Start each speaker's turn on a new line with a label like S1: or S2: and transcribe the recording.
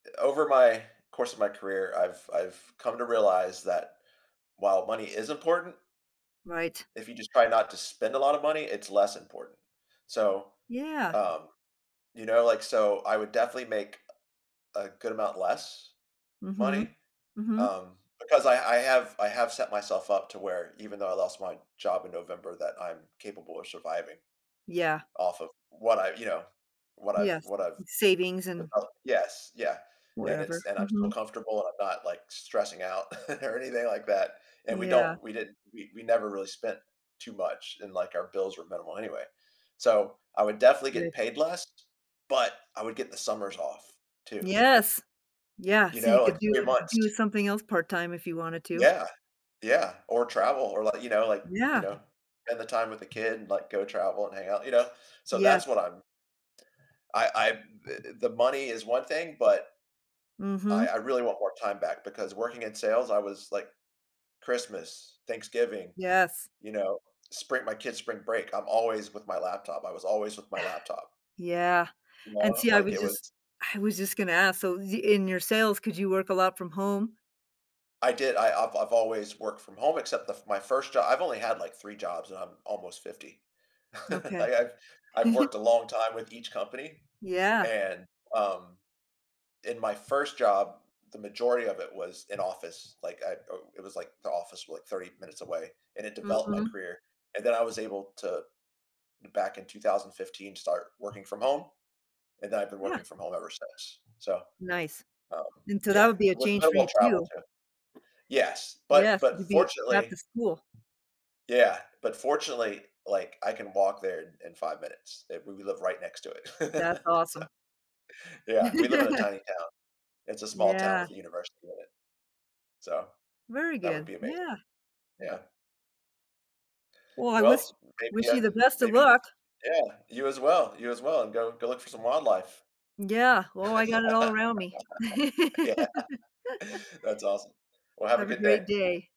S1: I over my course of my career, I've I've come to realize that while money is important
S2: Right.
S1: if you just try not to spend a lotta money, it's less important. So,
S2: Yeah.
S1: um, you know like, so I would definitely make a a good amount less money,
S2: Mhm, mhm.
S1: um, because I I have I have set myself up to where even though I lost my job in November that I'm capable of surviving.
S2: Yeah.
S1: Off of what I you know, what I've
S2: Yes,
S1: what I've
S2: savings
S1: put
S2: and
S1: up yes, yeah, and
S2: whatever,
S1: it's and I'm still
S2: mhm.
S1: comfortable and I'm not, like, stressing out or anything like that, and we
S2: Yeah.
S1: don't we didn't we we never really spent too much and, like, our bills were minimal anyway, so I would definitely get
S2: Yes.
S1: paid less, but I would get the summers off, too.
S2: Yes, yeah,
S1: You
S2: so you
S1: know?
S2: could
S1: Like,
S2: do
S1: 3
S2: do
S1: months.
S2: something else part-time if you wanted to.
S1: Yeah, yeah, or travel, or like you know, like you
S2: Yeah.
S1: know, spend the time with the kid, like, go travel and hang out, you know? So
S2: Yes.
S1: that's what I'm I I the the money is one thing, but, I
S2: Mhm.
S1: I really want more time back because working in sales, I was like, Christmas, Thanksgiving,
S2: Yes.
S1: you know? Spring my kids' spring break I'm always with my laptop I was always with my laptop.
S2: Yeah,
S1: You
S2: and
S1: know?
S2: see, I
S1: Like,
S2: was
S1: it
S2: just
S1: was
S2: I was just gonna ask, so the in your sales, could you work a lot from home?
S1: I did I I've I've always worked from home except the f my first job I've only had, like, 3 jobs and I'm almost 50. I
S2: Okay.
S1: I've I've worked a long time with each company
S2: Yeah.
S1: and, um, in my first job, the majority of it was in office, like, at oh, it was, like, the office like 30 minutes away, and it developed my
S2: Mhm.
S1: career, and then I was able to back in 2015 start working from home. And then I've been
S2: Yeah.
S1: working from home ever since, so,
S2: Nice.
S1: um
S2: And to that
S1: yeah,
S2: would be a
S1: with
S2: change for
S1: minimal
S2: you
S1: travel,
S2: too.
S1: too. Yes, but
S2: Yes, you'd
S1: but
S2: be at
S1: fortunately
S2: the school.
S1: yeah, but fortunately, like, I can walk there in in 5 minutes, i we we live right next to
S2: That's
S1: it, so
S2: awesome.
S1: yeah, we live in a tiny town. It's a small town
S2: Yeah.
S1: with a university in it. So,
S2: Very
S1: that would
S2: good
S1: be amazing.
S2: yeah.
S1: Yeah.
S2: Well, I wish
S1: Well, maybe
S2: wish
S1: yeah,
S2: you the best of
S1: maybe
S2: luck.
S1: yeah, you as well, you as well, and go go look for some wildlife.
S2: Yeah, well, I got it all around me.
S1: Yeah, that's awesome. Well, have a
S2: Have a
S1: good
S2: great
S1: day.
S2: day.